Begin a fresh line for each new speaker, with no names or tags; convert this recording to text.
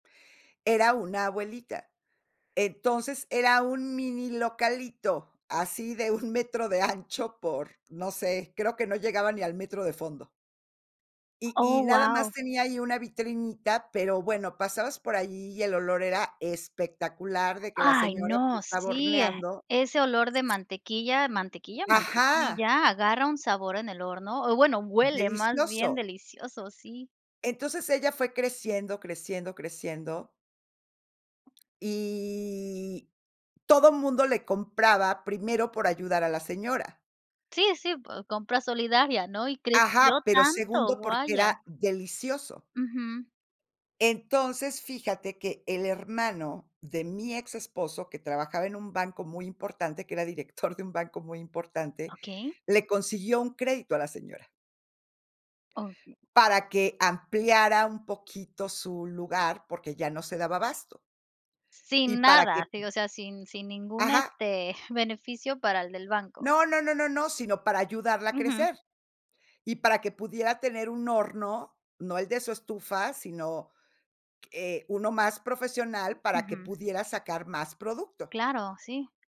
Era una abuelita. Entonces, era un mini localito, así de 1 metro de ancho por, no sé, creo que no llegaba ni al metro de fondo. Y y
Oh,
nada más
guau.
tenía ahí una vitrinita, pero, bueno, pasabas por ahí y el olor era espectacular, de que la
Ay,
señora, pues,
no.
estaba
Sí, eh,
horneando.
ese olor de mantequilla, mantequilla,
Ajá.
mantequilla, agarra un sabor en el horno o bueno, huele más bien
Delicioso.
delicioso, sí.
Entonces ella fue creciendo, creciendo, creciendo y todo mundo le compraba, primero, por ayudar a la señora.
Sí, sí, o compra solidaria, ¿no? Y
Ajá,
creció
pero
tanto,
segundo porque
vaya.
era delicioso.
Ujú.
Entonces, fíjate que el hermano de mi exesposo, que trabajaba en un banco muy importante, que era director de un banco muy importante,
Okey.
le consiguió un crédito a la señora
Okey.
para que ampliara un poquito su lugar, porque ya no se daba abasto. y
Sin
para
nada,
que
te digo, o sea, sin sin ningún,
Ajá.
este, beneficio para el del banco.
No, no, no, no, sino, para ayudarla a
Ujú.
crecer. Y para que pudiera tener un horno, no el de su estufa, sino, eh, uno más profesional para que
Ujú.
pudiera sacar más producto.
Claro. sí.